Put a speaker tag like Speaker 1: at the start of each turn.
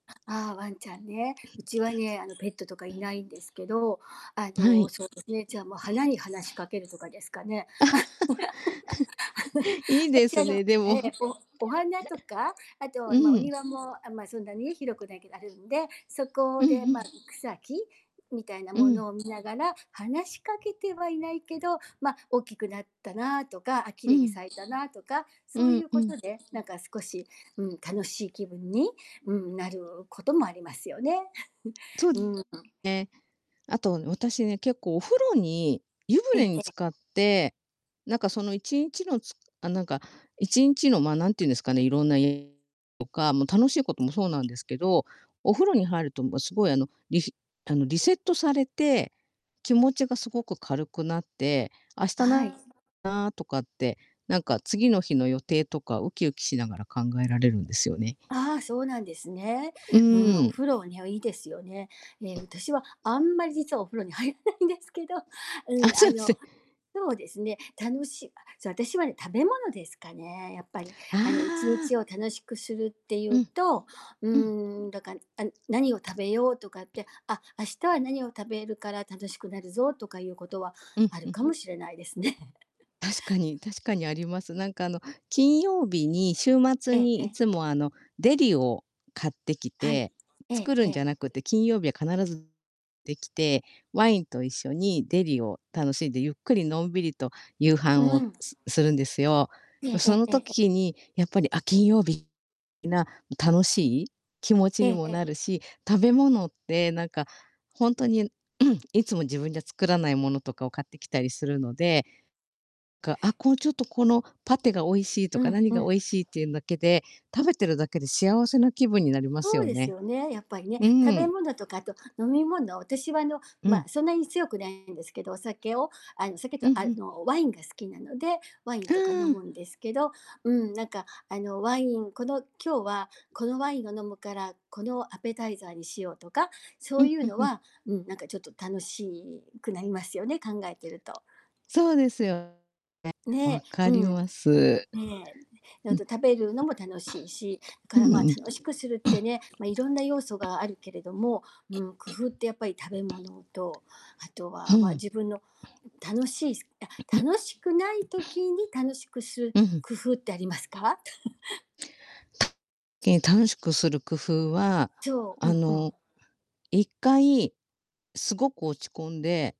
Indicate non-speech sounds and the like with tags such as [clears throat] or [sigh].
Speaker 1: ああ、ワンちゃんね。うちは
Speaker 2: [clears throat]
Speaker 1: ね、あの、ペットとかいないんですけど、あ
Speaker 2: は
Speaker 1: の、
Speaker 2: い。
Speaker 1: そうですね、じゃあもう花に話しか
Speaker 2: [clears throat]
Speaker 1: けるとかですかね。
Speaker 2: [chuckles] いい
Speaker 1: [chuckles] た
Speaker 2: で
Speaker 1: ち、
Speaker 2: す
Speaker 1: あの
Speaker 2: ね、で
Speaker 1: へ
Speaker 2: も。
Speaker 1: え、
Speaker 2: [chuckles]
Speaker 1: おお花とか、あと、あ
Speaker 2: う
Speaker 1: ん、まあ、お
Speaker 2: ん。
Speaker 1: 庭もあん、まあそんなに広くないけどあるんで、そ
Speaker 2: う
Speaker 1: こ
Speaker 2: ん、
Speaker 1: で
Speaker 2: ふ
Speaker 1: まあ
Speaker 2: ん。
Speaker 1: 草木みたいな
Speaker 2: う
Speaker 1: も
Speaker 2: ん。
Speaker 1: のを見ながら話しかけてはいないけど、ま、大きくなったなとか、あ、綺
Speaker 2: う
Speaker 1: 麗に
Speaker 2: ん。
Speaker 1: 咲いたなとか、
Speaker 2: う
Speaker 1: そうい
Speaker 2: ん
Speaker 1: う
Speaker 2: う
Speaker 1: こ
Speaker 2: ん。
Speaker 1: とで、なんか少し、うん、楽しい気分に、うん、なることもありますよね。[chuckles]
Speaker 2: そうね。
Speaker 1: うーん。
Speaker 2: あと私ね、結構お風呂に、湯
Speaker 1: ええ
Speaker 2: 船に
Speaker 1: ええ。
Speaker 2: 浸かって、なんかその1日のつあ、なんか1日の、ま、何て言うんですかね、色んなえとか、もう楽しいこともそうなんですけど、お風呂に入るともうすごい、あの、りしあの、リセットされて、気持ちがすごく軽くなって、明
Speaker 1: あ、
Speaker 2: 日
Speaker 1: はい。
Speaker 2: ななとかって、なんか次の日の予定とかウキウキしながら考えられるんですよね。
Speaker 1: あ、そうなんですね。
Speaker 2: う
Speaker 1: うん、
Speaker 2: ー
Speaker 1: お
Speaker 2: ん。
Speaker 1: 風呂はね、ういいですよね。え、私はあんまり実はお風呂に入らないんですけど、
Speaker 2: あ、
Speaker 1: うん、
Speaker 2: そ
Speaker 1: あ
Speaker 2: う
Speaker 1: の、
Speaker 2: すね。
Speaker 1: そうですね、楽しい、あ、そう、私はね、食べ物ですかね、やっぱり、
Speaker 2: あ
Speaker 1: あの、いちに
Speaker 2: あ。
Speaker 1: ちを楽しくするってい
Speaker 2: う
Speaker 1: う
Speaker 2: ん。
Speaker 1: と、う
Speaker 2: うん。
Speaker 1: ーん、だかあん「何を食べよう」とかって、「あ、明日は何を食べるから楽しくなるぞ」とかいうことは
Speaker 2: うん、
Speaker 1: あ
Speaker 2: ふ
Speaker 1: る
Speaker 2: ん。
Speaker 1: かもしれないですね。
Speaker 2: 確かに
Speaker 1: [chuckles]
Speaker 2: 確かにあります。なんかあの、金曜日に、週末
Speaker 1: ええ
Speaker 2: に
Speaker 1: え
Speaker 2: いつ
Speaker 1: え。
Speaker 2: もあの、デリを買ってき
Speaker 1: はい。
Speaker 2: て、
Speaker 1: え
Speaker 2: 作
Speaker 1: え
Speaker 2: る
Speaker 1: え
Speaker 2: んじゃ
Speaker 1: え。
Speaker 2: なくて、金曜日は必ずてきて、ワインと一緒にデリを楽しんで、ゆっくりのんびりと夕飯
Speaker 1: う
Speaker 2: を
Speaker 1: ん。
Speaker 2: すするんですよ。
Speaker 1: え
Speaker 2: う
Speaker 1: ええ
Speaker 2: そ
Speaker 1: え
Speaker 2: の
Speaker 1: ええ、え。
Speaker 2: 時にやっぱり、あ、金曜日いな楽しい気持ち
Speaker 1: え
Speaker 2: に
Speaker 1: え
Speaker 2: も
Speaker 1: え
Speaker 2: な
Speaker 1: え。
Speaker 2: るし、食べ物ってなんか、ほんとに [clears throat] いつも自分じゃ作らない物とかを買ってきたりするので、かあ、こう「ちょっとこのパテが美味しい」と
Speaker 1: う
Speaker 2: か、
Speaker 1: ん
Speaker 2: 「何
Speaker 1: う
Speaker 2: が美
Speaker 1: ん。
Speaker 2: 味しい」っていうんだけで、食べてるだけで幸せな気分になります
Speaker 1: そう
Speaker 2: よ
Speaker 1: です
Speaker 2: ね。
Speaker 1: よね、やっぱりね。
Speaker 2: うー
Speaker 1: 食べ
Speaker 2: ん。
Speaker 1: 物とか、あと飲み物私はあの、
Speaker 2: うん。
Speaker 1: ま、そんなに強くないんですけど、お酒を、あのお酒と
Speaker 2: うん、
Speaker 1: あ
Speaker 2: ふん。
Speaker 1: の、ワインが好きなので、ワイン
Speaker 2: う
Speaker 1: とか飲
Speaker 2: ー
Speaker 1: む
Speaker 2: ん。
Speaker 1: んですけど、うん、なんかあの、ワインこの今日はこのワインを飲むから、このアペタイザーにしようとか、そ
Speaker 2: う
Speaker 1: う
Speaker 2: ん、
Speaker 1: い
Speaker 2: ふ
Speaker 1: う
Speaker 2: ん
Speaker 1: の
Speaker 2: ふん。
Speaker 1: は、うん、なんかちょっと楽しくなりますよね、考えてると。
Speaker 2: そうですよね。
Speaker 1: ね、
Speaker 2: 分か
Speaker 1: う
Speaker 2: り
Speaker 1: ん。
Speaker 2: ます。
Speaker 1: ね。ううだ
Speaker 2: うん。
Speaker 1: と食べるのも楽しいし、
Speaker 2: [clears throat] う
Speaker 1: か
Speaker 2: う
Speaker 1: らまあ、
Speaker 2: うん。
Speaker 1: 楽しくするって
Speaker 2: [clears throat]
Speaker 1: ね、ま、色んな要素があるけれども、うん、工夫ってやっぱり食べ物と、あと
Speaker 2: ふ
Speaker 1: はまあ
Speaker 2: ん。
Speaker 1: 自分の、ん、楽しいすあ、楽しくない
Speaker 2: [clears throat]
Speaker 1: 時に楽しくする
Speaker 2: うん。
Speaker 1: 工夫ってありますか？[chuckles]
Speaker 2: け楽しくする工夫は
Speaker 1: そう、う
Speaker 2: あ
Speaker 1: んうん。
Speaker 2: の、1回すごく落ち込んで